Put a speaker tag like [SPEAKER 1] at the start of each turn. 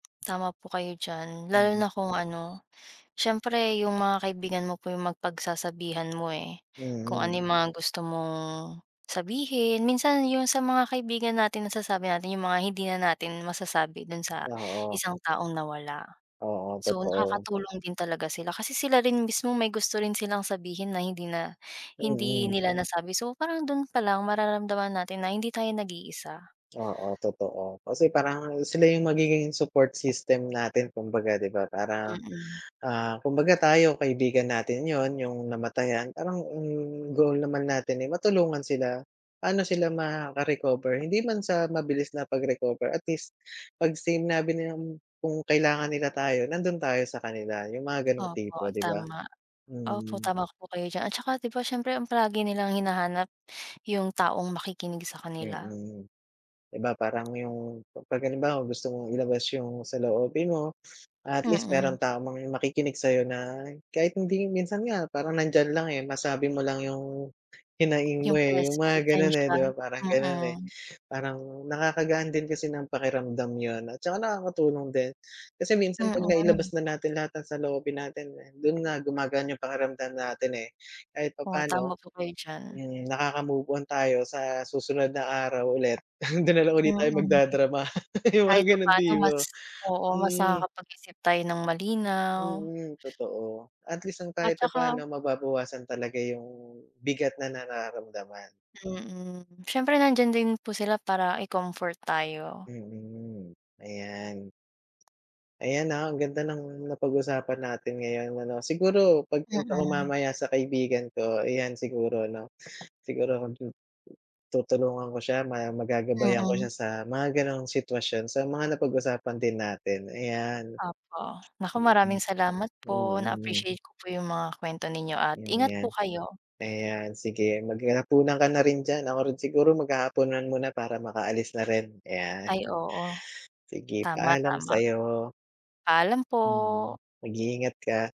[SPEAKER 1] Tama po kayo diyan, lalo na
[SPEAKER 2] Mhm.
[SPEAKER 1] kung ano, siyempre 'yung mga kaibigan mo po 'yung mag pagsasabihan mo eh, kung
[SPEAKER 2] Mhm.
[SPEAKER 1] ano 'yung mga gusto mong, sabihin. Minsan 'yung sa mga kaibigan natin nasasabi natin 'yung mga hindi na natin masasabi dun sa
[SPEAKER 2] Oo.
[SPEAKER 1] isang taong nawala.
[SPEAKER 2] Oo,
[SPEAKER 1] So
[SPEAKER 2] totoo.
[SPEAKER 1] nakakatulong din talaga sila. Kasi sila rin mismo may gusto rin silang sabihin, na hindi na hindi
[SPEAKER 2] Mm.
[SPEAKER 1] nila nasabi, so parang dun palang mararamdaman natin na hindi tayo nag-iisa.
[SPEAKER 2] Oo, totoo. Kasi parang sila 'yung magiging support system natin kumbaga 'di ba, para,
[SPEAKER 1] Mm.
[SPEAKER 2] ah, kumbaga tayo kaibigan natin 'yun, 'yung namatayan, parang ang goal naman natin eh matulungan sila, pa'no sila makaka-recover. Hindi man sa mabilis na pag-recover, at least pag sinabi nilang kung kailangan nila tayo, nandun tayo sa kanila. 'Yung mga ganong
[SPEAKER 1] Opo,
[SPEAKER 2] tipo, 'di ba.
[SPEAKER 1] tama. Opo,
[SPEAKER 2] Mm.
[SPEAKER 1] tama po kayo diyan. At saka 'di ba siyempre ang palagi nilang hinahanap, 'yung taong makikinig sa kanila.
[SPEAKER 2] Mm. 'Di ba, parang 'yung pag halimbawa gusto mong ilabas 'yung saloobin mo, at least
[SPEAKER 1] Mm.
[SPEAKER 2] meron taong makikinig sa'yo na kahit hindi minsan nga parang nandiyan lang, eh, masabi mo lang 'yung, hinaing mo
[SPEAKER 1] 'Yung
[SPEAKER 2] eh,
[SPEAKER 1] pres
[SPEAKER 2] 'yung mga ganun eh,
[SPEAKER 1] presensiya,
[SPEAKER 2] 'di ba, parang ganun, eh.
[SPEAKER 1] mm.
[SPEAKER 2] Parang, nakakagaan din kasi ng pakiramdam 'yun at saka nakakatulong din. Kasi minsan pag nailabas
[SPEAKER 1] Mm.
[SPEAKER 2] na natin lahat ng saloobin natin, eh, dun nga gumagaan 'yung pakiramdam natin, eh. Kahit
[SPEAKER 1] Oo, tama
[SPEAKER 2] papaano,
[SPEAKER 1] po kayo diyan.
[SPEAKER 2] hmm, nakaka-move-on tayo sa susunod na araw ulit, don nalang ulit tayo
[SPEAKER 1] Mm.
[SPEAKER 2] magda-drama, 'yung mga
[SPEAKER 1] Kahit
[SPEAKER 2] ganong
[SPEAKER 1] papaano mas
[SPEAKER 2] tipo.
[SPEAKER 1] oo, mas
[SPEAKER 2] Mm.
[SPEAKER 1] nakakapag-isip tayo ng malinaw.
[SPEAKER 2] Mm, totoo. At least ang kahit
[SPEAKER 1] At saka.
[SPEAKER 2] papaano, mababawasan talaga 'yung bigat na nararamdaman.
[SPEAKER 1] Mm, siyempre nandiyan din po sila para i-comfort tayo.
[SPEAKER 2] Mm, ayan. Ayan, ah, ang ganda ng napag-usapan natin ngayon ano. Siguro, pagpunta ko
[SPEAKER 1] Mm.
[SPEAKER 2] mamaya sa kaibigan ko, ayan siguro 'no, siguro kung tu tutulungan ko siya, ma magagabayan ko
[SPEAKER 1] Mm.
[SPEAKER 2] siya sa mga gano'ng sitwasyon, sa mga napag-usapan din natin, ayan.
[SPEAKER 1] Opo. Naku,
[SPEAKER 2] Mm,
[SPEAKER 1] maraming salamat po.
[SPEAKER 2] mm.
[SPEAKER 1] Na-appreciate ko po 'yung mga kuwento ninyo at ingat po
[SPEAKER 2] [unintelligible]
[SPEAKER 1] kayo.
[SPEAKER 2] Ayan sige, maghahapunan ka na rin diyan, ako rin siguro maghahapunan muna para makaalis na rin, ayan.
[SPEAKER 1] Ay oo,
[SPEAKER 2] Sige,
[SPEAKER 1] tama,
[SPEAKER 2] paalam
[SPEAKER 1] tama.
[SPEAKER 2] sa'yo.
[SPEAKER 1] Paalam po!
[SPEAKER 2] Mm, mag-iingat ka.